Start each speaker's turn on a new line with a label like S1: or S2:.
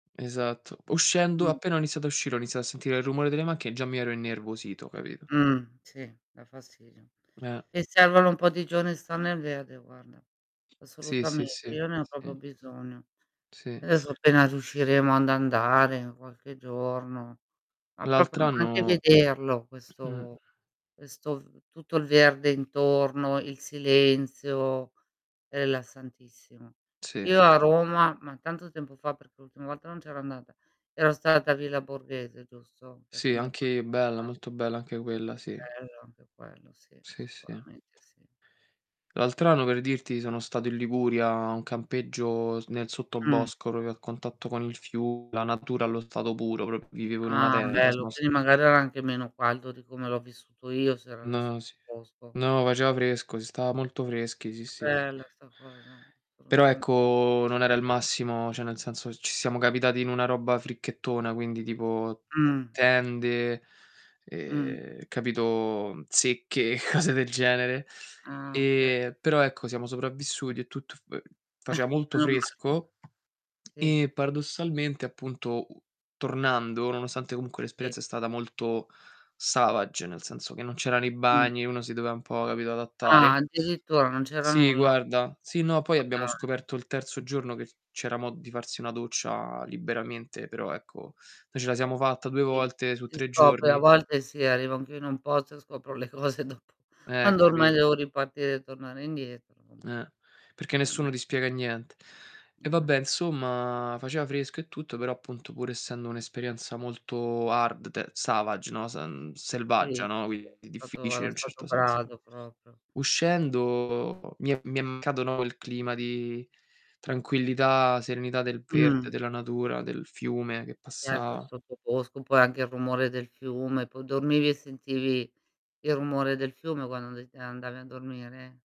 S1: Esatto. Uscendo
S2: Mh.
S1: appena ho iniziato a uscire, ho iniziato a sentire il rumore delle macchie e già mi ero innervosito, capito?
S2: Mh. Sì, dà fastidio.
S1: Eh.
S2: E servono un po' di giorni a star nel verde, guarda.
S1: Sì, sì,
S2: Assolutamente,
S1: sì.
S2: io ne ho proprio
S1: Sì.
S2: bisogno.
S1: Sì.
S2: Adesso, appena riusciremo ad andare qualche giorno, ma proprio anche
S1: L'altr'anno.
S2: vederlo
S1: Mh.
S2: questo questo tutto il verde intorno, il silenzio è rilassantissimo.
S1: Sì.
S2: Io a Roma ma tanto tempo fa, perché l'ultima volta non c'ero andata, ero stata a Villa Borghese, giusto? Che
S1: Sì,
S2: comunque.
S1: anche bella,
S2: [unintelligible]
S1: molto bella anche quella sì.
S2: Bello, anche quello sì,
S1: Sì, sì.
S2: sicuramente sì.
S1: L'altr'anno, per dirti, sono stato in Liguria a un campeggio s nel
S2: Mh.
S1: sottobosco proprio a contatto con il fiume, la natura allo stato puro, proprio vivevo in una
S2: Ah,
S1: tenda
S2: bello.
S1: [unintelligible]
S2: Quindi magari era anche meno caldo di come l'ho vissuto io, se era nel
S1: No, sì.
S2: sottobosco.
S1: No, faceva fresco, si stava molto freschi, sì,
S2: Che
S1: sì.
S2: bella sta cosa.
S1: Però
S2: Assolutamente.
S1: ecco, non era il massimo, cioè nel senso, ci siamo capitati in una roba fricchettona, quindi tipo
S2: Mh.
S1: tende,
S2: Mh.
S1: ehm, capito? Zecche, cose del genere.
S2: Ah, okay.
S1: E, però ecco, siamo sopravvissuti e tutto fa faceva molto
S2: menomale.
S1: fresco,
S2: Sì.
S1: e paradossalmente appunto u tornando, nonostante comunque
S2: Sì.
S1: l'esperienza è stata molto savage, nel senso che non c'erano i
S2: Mh.
S1: bagni, uno si doveva un po' capito
S2: Ah,
S1: adattare.
S2: addirittura, non c'era
S1: Sì
S2: nulla?
S1: guarda, sì no, poi
S2: Ma
S1: abbiamo
S2: dai.
S1: scoperto il terzo giorno che c'era modo di farsi una doccia liberamente, però ecco noi ce la siamo fatta 2
S2: Sì.
S1: volte su
S2: Si
S1: 3
S2: scopre a
S1: giorni.
S2: volte sì, arrivo anch'io in un posto e scopro le cose dopo,
S1: Eh,
S2: quando ormai
S1: capito.
S2: devo ripartire e tornare indietro [unintelligible]
S1: Eh, perché
S2: mh.
S1: nessuno ti spiega niente. E
S2: Mh.
S1: vabbè, 'nsomma, faceva fresco e tutto, però appunto pur essendo un'esperienza molto hard, te savage, no? S mh,
S2: Sì,
S1: selvaggia,
S2: si,
S1: no?
S2: sì.
S1: Quindi
S2: Stato
S1: difficile
S2: allo
S1: in un
S2: stato
S1: certo senso.
S2: brado proprio.
S1: Uscendo mi è mi è mancato, no, quel clima di tranquillità, serenità del verde,
S2: Mh.
S1: della natura, del fiume che
S2: Certo, il
S1: passava.
S2: sottobosco, poi anche il rumore del fiume, poi dormivi e sentivi il rumore del fiume quando and andavi a dormire?